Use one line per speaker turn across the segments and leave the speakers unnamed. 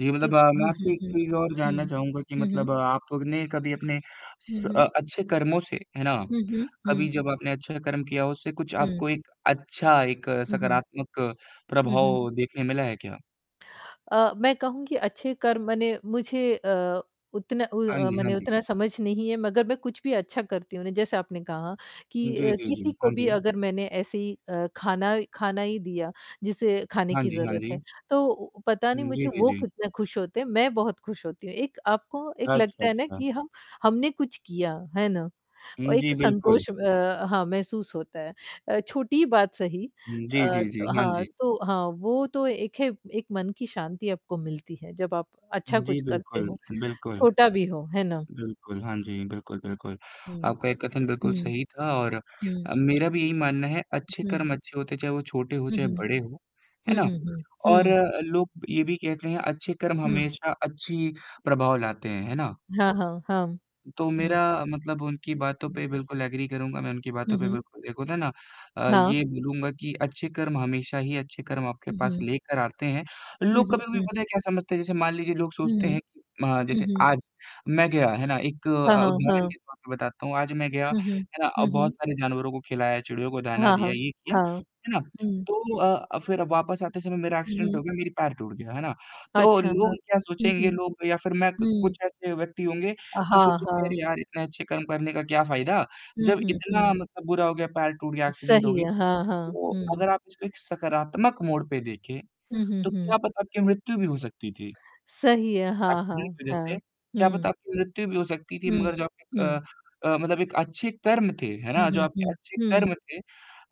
जी, मतलब
क्योंक
अ, मैं
हुँ, हुँ,
आपसे एक
हुँ।
चीज़ और जानना
हुँ,
चाहूँगा कि
हुँ, हुँ।
मतलब आपने कभी अपने
हुँ,
स
हुँ।
अ, अच्छे कर्मों से, है ना?
हुँ, हुँ,
कभी
हुँ।
जब आपने अच्छा कर्म किया हो, उससे कुछ
हुँ।
आपको एक अच्छा एक
हुँ, हुँ।
सकारात्मक
हुँ, हुँ।
प्रभाव देखने मिला है क्या?
अ, मैं कहूँगी अच्छे कर्म मने मुझे अ, उतना उ
हाँ जी, हाँ
मने
जी।
उतना समझ नहीं है मगर मैं कुछ भी अच्छा करती हूँ ना जैसे आपने कहा, कि
जी,
अ,
जी,
किसी
जी।
को
हाँ
भी
जी।
अगर मैंने ऐसे ही अ, ख़ाना ख़ाना ही दिया जिसे खाने
हाँ
की
जी, हाँ
ज़रूरत
जी।
है, तो पता नहीं
हुँ। जी,
मुझे
जी,
वो
जी।
कितने खुश होते हैं मैं बहुत खुश होती हूँ, एक आपको एक
अच्छा,
लगता है ना
अच्छा।
कि हम हमने कुछ किया। है ना? और
हुँ।
एक
जी बिल्कुल।
संतोष अ, हाँ, महसूस होता है अ, छोटी बात सही
हुँ। जी,
अ,
जी, जी। हाँ
हाँ
जी।
तो हाँ वो तो एक है एक मन की शांति आपको मिलती है जब आप अच्छा
जी
कुछ करते
बिल्कुल,
हो
बिल्कुल।
छोटा भी हो, है ना?
बिल्कुल, हाँ जी, बिल्कुल, बिल्कुल
हुँ,
आपका ये कथन बिल्कुल
हुँ,
सही था और
हुँ।
अ, मेरा भी यही मानना है
उ,
अच्छे
हुँ।
कर्म अच्छे होते हैं चाहे वो छोटे हो
हुँ,
चाहे
हुँ।
बड़े हो, है
हुँ,
ना?
हुँ, हुँ,
और
हुँ।
अ, लोग ये भी कहते हैं अच्छे कर्म
हुँ।
हमेशा अच्छी प्रभाव लाते हैं। है ना?
हाँ, हाँ, हाँ।
तो
हुँ।
मेरा मतलब उनकी बातों
हुँ।
पे बिल्कुल एग्री करूँगा मैं उनकी
हुँ,
बातों पे
हुँ।
बिल्कुल एक होता है ना अ,
हाँ।
ये बोलूँगा कि अच्छे कर्म हमेशा ही अच्छे कर्म आपके
हुँ,
पास
हुँ।
लेकर आते हैं।
जी,
लोग
जी,
कभी-कभी
जी।
पता है क्या समझते हैं जैसे मान लीजिए लोग सोचते
हुँ।
हैं कि अ,
हुँ,
जैसे
हुँ।
आज, मैं गया है ना एक अ
हाँ,
अ,
हाँ,
उदाहरण
हाँ।
के तौर पे बताता हूँ आज मैं गया,
हुँ, हुँ।
है ना? अ,
हुँ,
बहुत
हुँ।
सारे जानवरों को खिलाया चिड़ियों को दाना
हाँ, हाँ,
दिया ये किया,
हाँ।
है ना?
हुँ।
तो अ, फ़िर वापस आते समय मेरा
हुँ,
एक्सीडेंट
हुँ।
हो गया मेरी पैर टूट गया, है ना? तो
अच्छा, हाँ।
लोग क्या
हुँ,
सोचेंगे
हुँ।
लोग या फ़िर मैं
हुँ।
कुछ ऐसे व्यक्ति होंगे
अ,
जो
हाँ,
सोचेंगे
हाँ।
अरे यार इतने अच्छे कर्म करने का क्या फ़ायदा?
हुँ,
जब
हुँ,
इतना
हुँ।
मतलब बुरा हो गया पैर टूट गया एक्सीडेंट हो
सही
गई।
है, हाँ, हाँ।
तो
हुँ।
अगर आप इसको एक सकारात्मक मोड़ पे देखें,
हुँ, हुँ,
तो क्या
हुँ।
पता क्या मृत्यु भी हो सकती थी?
सही है। हाँ,
एक्सीडेंट
हाँ,
की वज़ह
हाँ।
से। क्या पता
हुँ।
आपकी मृत्यु भी हो सकती थी
हुँ,
मगर जो आपके
हुँ।
अ अ, मतलब एक अच्छे कर्म थे, है
हुँ,
ना? जो
हुँ,
आपके
हुँ।
अच्छे
हुँ।
कर्म थे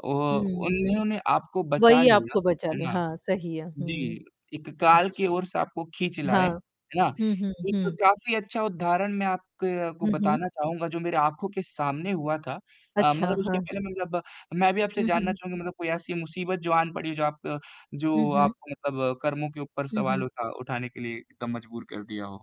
औ
हुँ।
उन्होंने आपको बचा
वही
लिया,
आपको बचा
है
लें।
ना?
हाँ, सही है। हुँ, हुँ।
जी, एक काल के ओर आपको खींच लाए,
हाँ।
है ना?
हुँ, हुँ,
एक
हुँ।
काफ़ी अच्छा उदाहरण मैं आपके को
हुँ, हुँ।
बताना चाहूँगा जो मेरे आँखों के सामने हुआ था। अ,
अच्छा,
मगर उसके
हाँ।
पहले मतलब मैं भी आपसे
हुँ,
जानना
हुँ।
चाहूँगा मतलब कोई ऐसी मुसीबत जो आन पड़ी जो आप
हुँ,
जो
हुँ।
आपको मतलब कर्मों के ऊपर
हुँ,
सवाल
हुँ।
उठा उठाने के लिए एकदम मजबूर कर दिया हो?